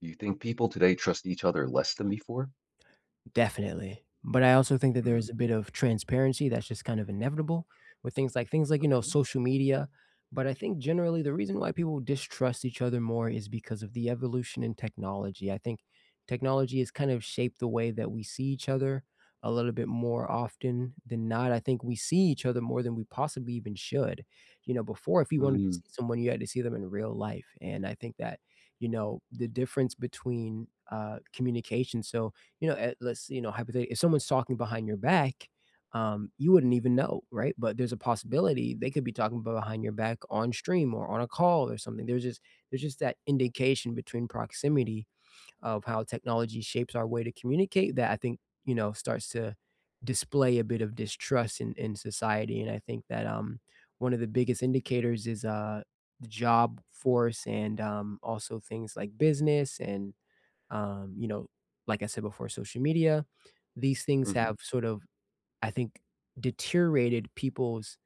Do you think people today trust each other less than before? Definitely. But I also think that there Mm. is a bit of transparency that's just kind of inevitable with things like things like, you know, Okay. social media. But I think, generally, the reason why people distrust each other more is because of the evolution in technology, I think technology has kind of shaped the way that we see each other a little bit more often than not, I think we see each other more than we possibly even should. You know, before, if you wanted to Mm. see someone, you had to see them in real life, and I think that, you know, the difference between, uh, communication, so you know, uh, let's you know, hypothetically, if someone's talking behind your back, um, you wouldn't even know, right? But there's a possibility they could be talking b behind your back on stream, or on a call or something. There's just there's just that indication between proximity of how technology shapes our way to communicate that I think, you know, starts to display a bit of distrust in in society, and I think that, um, one of the biggest indicators is, uh, the job force and, um, also things like business and, um, you know, like I said before, social media. These things Mhm. have sort of, I think, deteriorated people's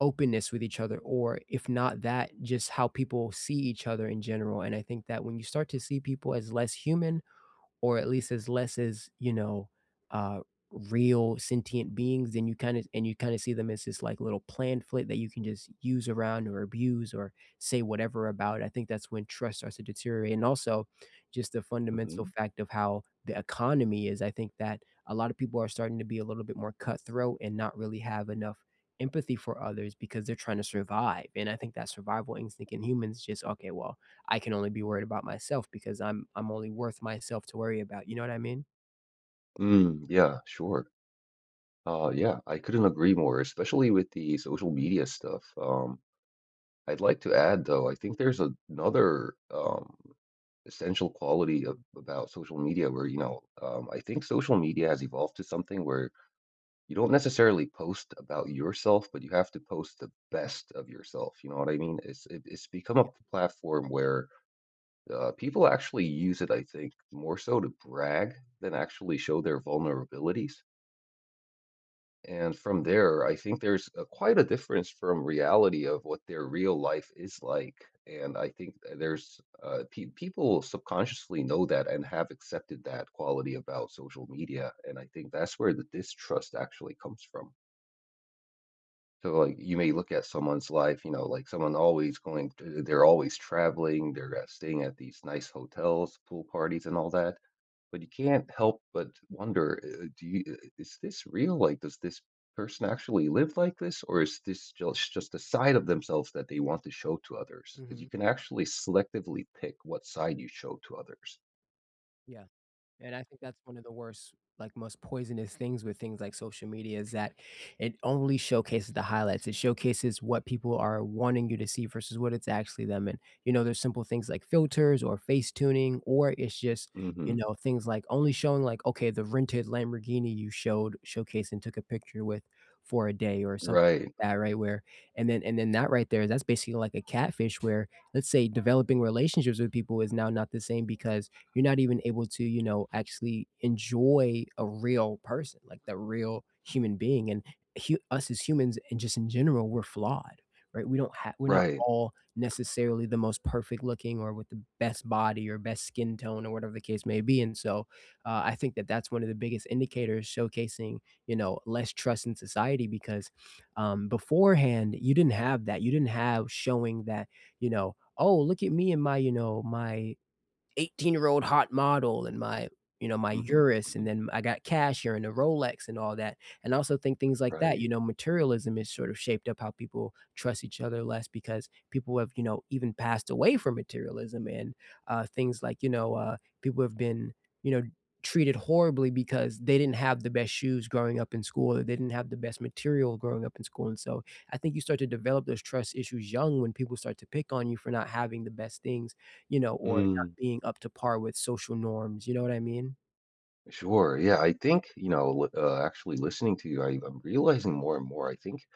openness with each other or if not that, just how people see each other in general, and I think that when you start to see people as less human or at least as less as you know, uh, real sentient beings, then you kinda and you kinda see them as this, like, little plan flip that you can just use around or abuse or say whatever about, I think that's when trust starts to deteriorate and also, just the fundamental Mhm. fact of how the economy is, I think that a lot of people are starting to be a little bit more cutthroat and not really have enough empathy for others because they're tryna survive. And I think that survival instinct in humans is just, "Okay, well, I can only be worried about myself because I'm I'm only worth myself to worry about." You know what I mean? Mm, yeah, sure. Uh, yeah, I couldn't agree more, especially with the social media stuff, um, I'd like to add, though, I think there's another, um, essential quality of about social media where, you know, um I think social media has evolved to something where you don't necessarily post about yourself, but you have to post the best of yourself, you know what I mean? It's it's it's become Yeah. a platform where, uh, people actually use it, I think, more so to brag than actually show their vulnerabilities. And from there, I think there's a quite a difference from reality of what their real life is like, and I think that there's, uh peop people subconsciously know that and have accepted that quality about social media, and I think that's where the distrust actually comes from. So, like, you may look at someone's life, you know, like, someone always going to they're always traveling, they're, uh, staying at these nice hotels, pool parties, and all that, but you can't help but wonder, uh, do you uh "Is this real?" like, "Does this person actually live like this, or is this just just a side of themselves that they want to show to others?" 'cause you Mhm. can actually selectively pick what side you show to others. Yeah. And I think that's one of the worst, like, most poisonous things with things like social media is that it only showcases the highlights, it showcases what people are wanting you to see versus what it's actually them, and, you know, there's simple things like filters or face tuning or it's just, you Mhm. know, things like only showing, like, okay, the rented Lamborghini you showed showcased and took a picture with for a day or something Right. like that, right, where and then and then that right there, that's basically like a catfish where, let's say, developing relationships with people is now not the same because you're not even able to, you know, actually enjoy a real person, like the real human being. And h us as humans, and just in general, we're flawed. Right? We don't ha we're not Right. all necessarily the most perfect looking or with the best body or best skin tone or whatever the case may be. And so, uh, I think that that's one of the biggest indicators showcasing, you know, less trust in society because, um, beforehand, you didn't have that. You didn't have showing that, you know, "Oh, look at me and my," you know, "my 18 year old hot model and my," you know, "my Mhm. Urus," and Mhm. then, "I got cash here and a Rolex," and all that. And also think things like that, you Right. know, materialism has sort of shaped up how people trust each other less because people have, you know, even passed away from materialism and, uh, things like, you know, uh, people have been, you know, treated horribly because they didn't have the best shoes growing up in school or they didn't have the best material growing up in school. And so, I think you start to develop those trust issues young when people start to pick on you for not having the best things, you know, or not Mm. being up to par with social norms. You know what I mean? Sure, yeah, I think, you know, with, uh, actually listening to you, I'm realizing more and more, I think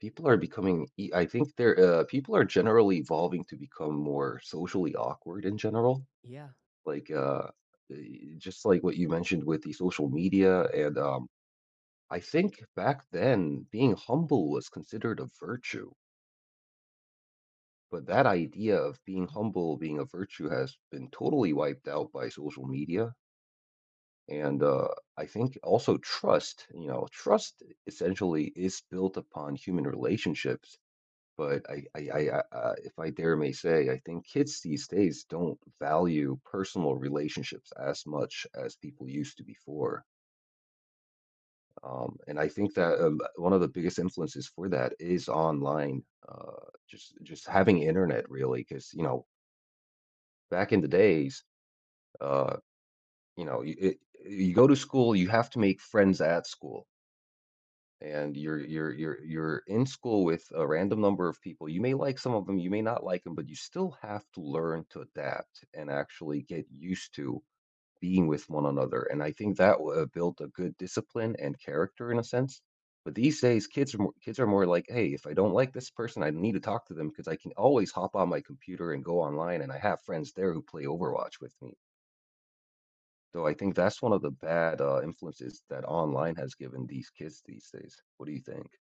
people are becoming ee I think they're, uh people are generally evolving to become more socially awkward in general. Yeah. Like, uh, eh, just like what you mentioned with the social media. And, um, I think back then, being humble was considered a virtue. But that idea of being [unintelligible] humble being a virtue has been totally wiped out by social media. And, uh, I think also trust, you know, trust essentially is built upon human relationships. But I I I, uh, if I dare may say, I think kids these days don't value personal relationships as much as people used to before. Um, and I think that, uh, one of the biggest influences for that is online uh, just just having Internet, really, 'cause, you know back in the days, uh, you know, it you go to school, you have to make friends at school. And you're you're you're you're in school with a random number of people you may like some of them, you may not like 'em, but you still have to learn to adapt and actually get used to being with one another, and I think that woulda built a good discipline and character in a sense. But these days, kids are mo kids are more like, "Hey, if I don't like this person, I need to talk to them 'cause I can always hop on my computer and go online, and I have friends there who play Overwatch with me." So, I think that's one of the bad, uh, influences that online has given these kids these days. What do you think?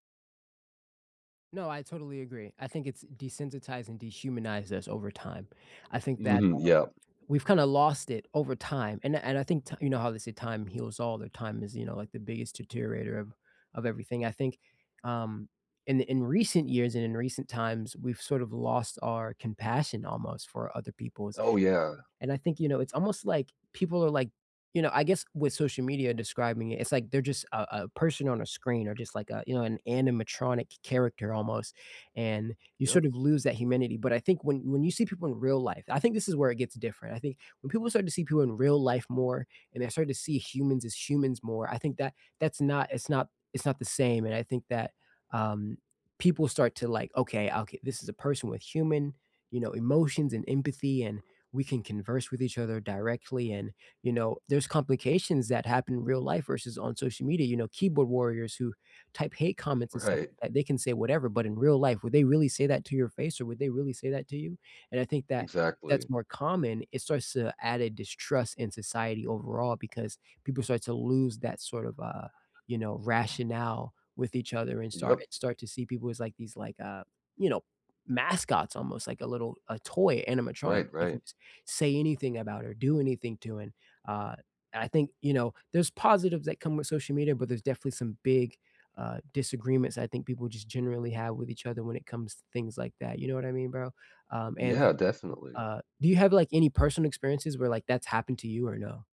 No, I totally agree, I think it's desensitized and dehumanized us over time. I think that, Mhm, um, yep. we've kind of lost it over time, and I and I think t you know how they say time heals all, that time is, you know, like the biggest deteriorator of of everything I think, um, in in recent years and in recent times, we've sort of lost our compassion almost for other people's Oh, yeah. And I think, you know, it's almost like people are like you know, I guess with social media describing it, it's like they're just a a person on a screen or just like a, you know, an animatronic character almost, and you Yup. sort of lose that humanity. But I think when when you see people in real life I think this is where it gets different. I think when people start to see people in real life more, and they start to see humans as humans more, I think that that's not it's not it's not the same. And I think that, um, people start to like, "Okay, oka this is a person with human, you know, emotions and empathy and we can converse with each other directly." And, you know, there's complications that happen real life versus on social media, you know, keyboard warriors who type hate comments and stuff, Right. th they can say whatever, but in real life, would they really say that to your face, or would they really say that to you? And I think that Exactly. that's more common. It starts to add a distrust in society overall because people start to lose that sort of, uh, you know, rationale with each other and star Yup. and start to see people as, like, these, like, uh, you know, mascots almost, like a little a toy animatronic, Right, you can right. just say anything about it or do anything to in. Uh, I think, you know, there's positives that come with social media, but there's definitely some big, uh, disagreements I think people just generally have with each other when it comes to things like that. You know what I mean, bro? Um, and Yeah, definitely. uh, do you have, like, any personal experiences where, like, that's happened to you or no?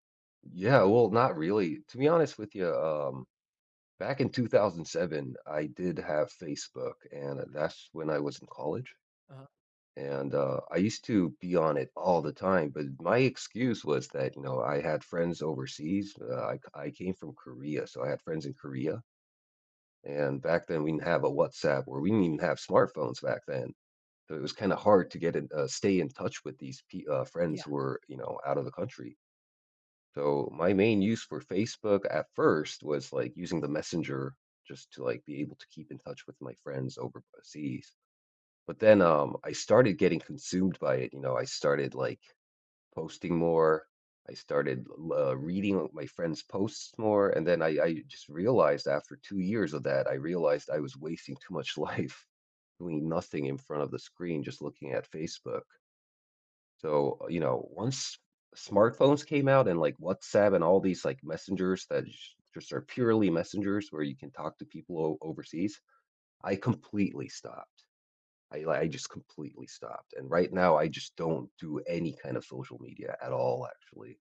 Yeah. Well, not really. To be honest with you, um, back in 2007 I did have Facebook, and that's when I was in college. Uh-huh. And, uh, I used to be on it all the time, but my excuse was that, you know, I had friends overseas. I c I came from Korea, so I had friends in Korea. And back then, we didn't have a WhatsApp or we didn't even have smartphones back then. So, it was kinda hard to get in uh, stay in touch with these, pe friends Yeah. who were, you know, out of the country. So, my main use for Facebook at first was, like, using the messenger just to, like, be able to keep in touch with my friends over the seas. But then, um, I started getting consumed by it, you know? I started, like, posting more. I started, lo reading my friends' posts more. And then I I just realized after 2 years of that, I realized I was wasting too much life doing nothing in front of the screen just looking at Facebook. So, you know, once smartphones came out and, like, WhatsApp and all these, like, messengers that j just are purely messengers where you can talk to people o overseas, I completely stopped. I li I just completely stopped. And right now, I just don't do any kind of social media at all, actually.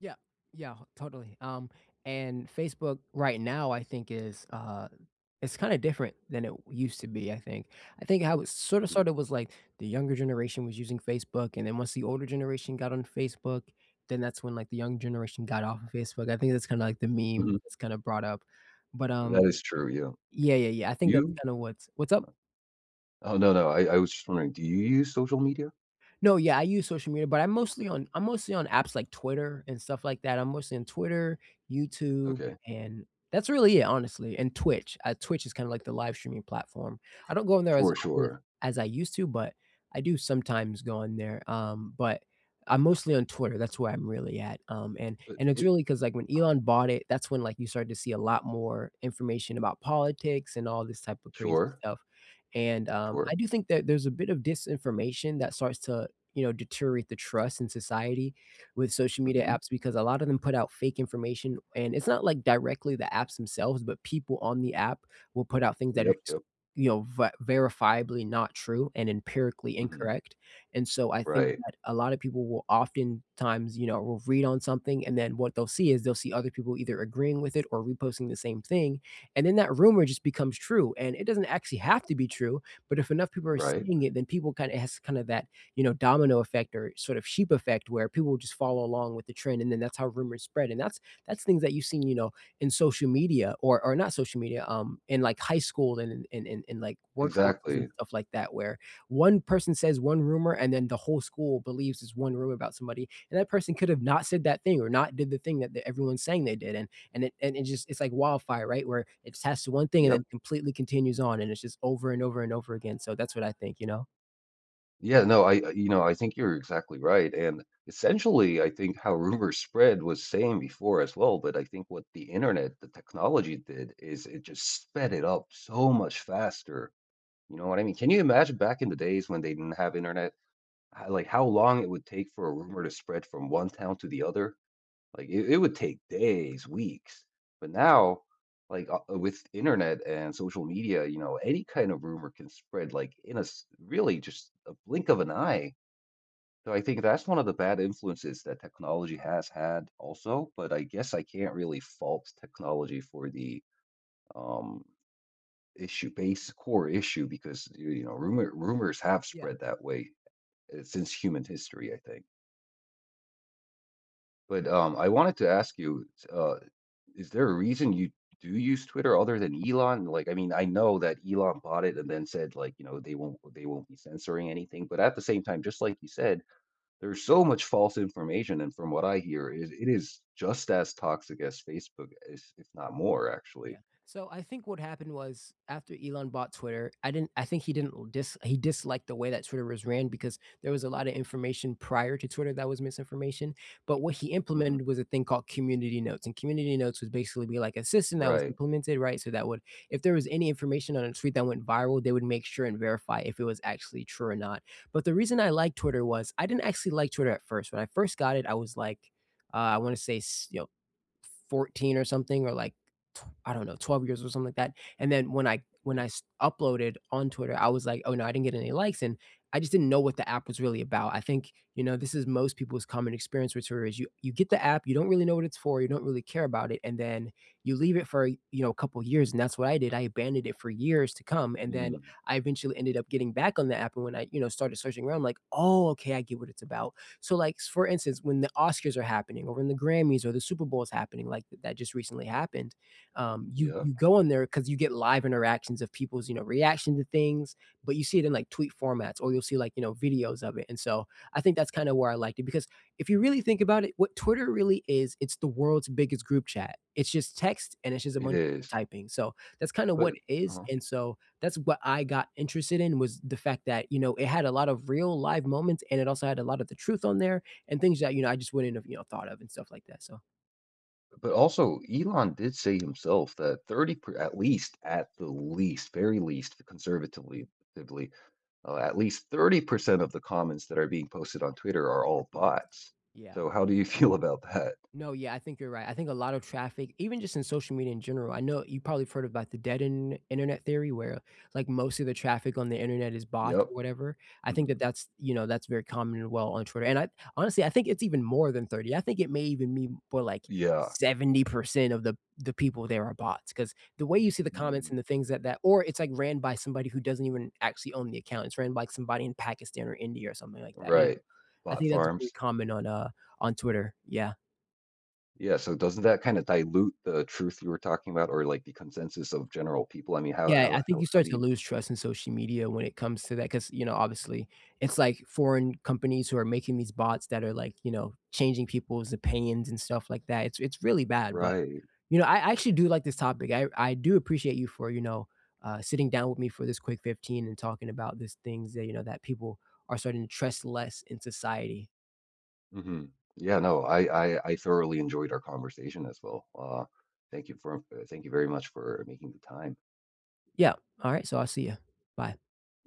Yeah, yeah, totally, um, and Facebook right now I think is, uh it's kinda different than it used to be, I think I think how it sorta Mhm. sorta was like the younger generation was using Facebook and then once the older generation got on Facebook, then that's when, like, the young generation got off of Facebook, I think that's kinda like the meme Mhm. that's kinda brought up, but, um That is true, yeah. yeah, yeah, yeah, I think that's You? kinda what's What's up? Oh, no, no. I I was just wondering, do you use social media? No, yeah, I use social media, but I'm mostly on I'm mostly on apps like Twitter and stuff like that, I'm mostly on Twitter, YouTube, Okay. and that's really it, honestly, and Twitch, uh, Twitch is kinda like the live-streaming platform. I don't go on there as Sure, often sure. as I used to, but I do sometimes go on there, um, but I'm mostly on Twitter, that's where I'm really at, um, and But, and it's it really 'cause, like, when Um Elon bought it, that's when, like, you started to see a lot more information about politics and all this type of crazy Sure. stuff, and, um, Sure. I do think that there's a bit of disinformation that starts to, you know, deteriorate the trust in society with social media Mhm. apps because a lot of them put out fake information, and it's not like directly the apps themselves, but people on the app will put out things that are Yep, s yep. you know, ver verifiably not true and empirically Mhm. incorrect, and so, I think Right. that a lot of people will oftentimes, you know will read on something, and then what they'll see is, they'll see other people either agreeing with it or reposting the same thing, and then that rumor just becomes true, and it doesn't actually have to be true, but if enough people are Right. seeing it, then people kinda s it has kinda that, you know, domino effect or sort of sheep effect where people will just follow along with the trend, and then that's how rumors spread, and that's that's things that you see, you know, in social media or or not social media, um, in, like, high school and in in in like, workforces and Exactly. stuff like that, where, 1 person says 1 rumor and then the whole school believes this 1 rumor about somebody, and that person could have not said that thing or not did the thing that everyone's saying they did, and it and it just it's like wildfire, right, where it tests 1 thing and Yep. then completely continues on, and it's just over and over and over again, so that's what I think, you know? Yeah, no, I I you know, I think you're exactly right, and, essentially, I think how rumors spread was same before as well, but I think what the Internet, the technology, did is it just sped it up so much faster, you know what I mean? Can you imagine back in the days when they didn't have Internet? H like, how long it would take for a rumor to spread from one town to the other? Like, i it would take days, weeks, but now, like o with Internet and social media, you know, any kind of rumor can spread, like, in a s really just a blink of an eye. So I think that's one of the bad influences that technology has had also, but I guess I can't really fault technology for the, um, issue base core issue because, y you know, rumor rumors have Yeah. spread that way, eh, since human history, I think. But, um, I wanted to ask you, s uh, is there a reason you do use Twitter other than Elon? Like, I mean, I know that Elon bought it and then said, like, you know, they won't they won't be censoring anything, but at the same time, just like you said, there's so much false information, and from what I hear, it it is just as toxic as Facebook is, if not more, actually. Yeah. So I think what happened was after Elon bought Twitter, I didn't I think he didn't l dis he disliked the way that Twitter was ran because there was a lotta information prior to Twitter that was misinformation, but what he implemented Mhm. was a thing called Community Notes, and Community Notes would basically be like a system that was Right. implemented, right, so that would if there was any information on a tweet that went viral, they would make sure and verify if it was actually true or not. But the reason I like Twitter was I didn't actually like Twitter at first, when I first got it, I was like, uh, I wanna say, s you know, 14 or something or like tw I don't know, 12 years or something like that, and then when I when I Okay. s uploaded on Twitter, I was like, "Oh, no, I didn't get any likes," and I just didn't know what the app was really about, I think, you know, this is most people's common experience with Twitter, is you you get the app, you don't really know what it's for, you don't really care about it, and then you leave it for, you know, a couple years, and that's what I did, I abandoned it for years to come, and then Mm. I eventually ended up getting back on the app, and when I, you know, started searching around, like, "Oh, okay, I get what it's about," so, like, for instance, when the Oscars are happening or when the Grammys or the Super Bowl is happening, like, th that just recently happened, um, you Yeah. you go in there 'cause you get live interactions of people's, you know, reaction to things, but you see it in, like, tweet formats or you'll see, like, you know, videos of it, and, so, I think that's kinda where I liked it because if you really think about it, what Twitter really is, it's the world's biggest group chat, it's just text and it's just a It bunch of people is. typing, so, that's kinda But what is, Uh-huh. and so, that's what I got interested in, was the fact that, you know, it had a lot of real live moments and it also had a lotta the truth on there and things that, you know, I just wouldn't have, you know, thought of and stuff like that, so But, also, Elon did say himself that 30 per at least, at the least, very least, conservatively, at lea uh, at least, 30% of the comments that are being posted on Twitter are [unintelligible] all Bots? bots. Yeah. So, how do you feel about that? No, yeah. I think you're right. I think a lot of traffic, even just in social media in general I kno you probably have heard about the dead Internet Internet theory where, uh, like, most of the traffic on the Internet is bots Yep. or whatever, I think that Mhm. that's you know, that's very common and well on Twitter. And I honestly, I think it's even more than 30, I think it may even mean more, like, Yeah. 70% of the the people there are bots, 'cause the way you see the comments Mm. and the things that that or it's, like, ran by somebody who doesn't even actually own the account, it's ran by somebody in Pakistan or India or something like that, you know? Right, I bot think that's a pretty farms. common on, uh on Twitter. Yeah. Yeah, so doesn't that kinda dilute the truth you were talking about or, like, the consensus of general people? I mean, how Yeah, I think how you how start do to you lose trust in social media when it comes to that 'cause, you know, obviously, it's like foreign companies who are making these bots that are, like, you know, changing people's opinions and stuff like that, it's it's really bad, but, Right. you know, I I actually do like this topic, I I do appreciate you for, you know, uh, sitting down with me for this quick 15 and talking about these things that, you know, that people are starting to trust less in society. Mhm. Yeah, no, I I I thoroughly enjoyed our conversation as well, uh, thank you for thank you very much for making the time. Yep, alright, so I'll see ya, bye.